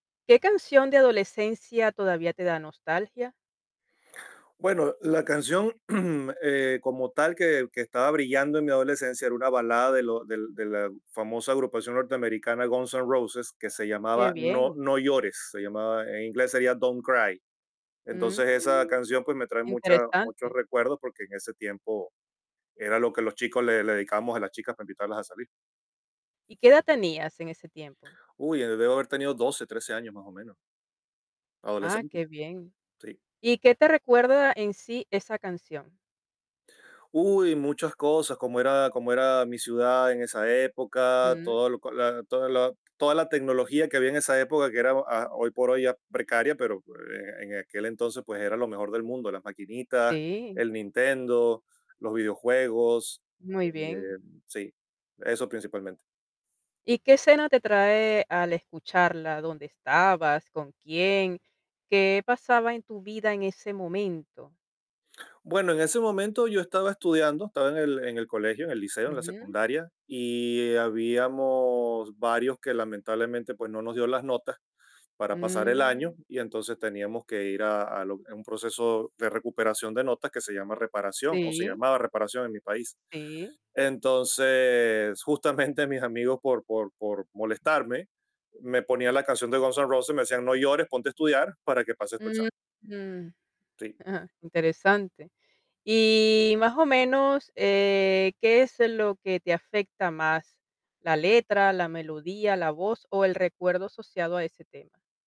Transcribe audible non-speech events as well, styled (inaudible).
¿Qué canción de adolescencia todavía te da nostalgia? Bueno, la canción, (clears throat) eh, como tal que que estaba brillando en mi adolescencia era una balada de lo del de la famosa agrupación norteamericana Guns N' Roses, que se Qué llamaba, no bien. no llores, se llamaba, en inglés sería Don't Cry. Entonces, esa Mm, canción, pues, me trae mucha muchos interesante. recuerdos, porque en ese tiempo era lo que los chicos le le dedicábamos a las chicas para invitarlas a salir. ¿Y qué edad tenías en ese tiempo? Uy, eh, debo haber tenido 12, 13 años más o menos. Ah, Adolescente. qué bien. Sí. ¿Y qué te recuerda, en sí, esa canción? Uy, muchas cosas, como era como era mi ciudad en esa época, Mm. todo lo co la toda la toda la tecnología que había en esa época que era oh, ah, hoy por hoy ya precaria, pero oh, eh, en aquel entonces, pues era lo mejor del mundo, las maquinitas, Sí. el Nintendo, los videojuegos, eh Muy bien. sí, eso principalmente. ¿Y qué escena te trae al escucharla? ¿Dónde estabas? ¿Con quién? ¿Qué pasaba en tu vida en ese momento? Bueno, en ese momento yo estaba estudiando, estaba en el en el colegio, en el liceo, en la Ujú. secundaria, y habíamos varios que lamentablemente, pues no nos dio las notas para pasar el año, Mm. y entonces teníamos que ir a a lo, eh, un proceso de recuperación de notas que se llama reparación, o se Sí. llamaba reparación en mi país. Sí. Entonces, justamente mis amigos por por por molestarme, me ponían la canción de Guns N' Roses, me decían: "No llores, ponte a estudiar para que pases tu examen". Mm. Sí. (chuckles) Interesante. Y, más o menos, eh, ¿qué es, eh, lo que te afecta más? ¿La letra, la melodía, la voz o el recuerdo asociado a ese tema?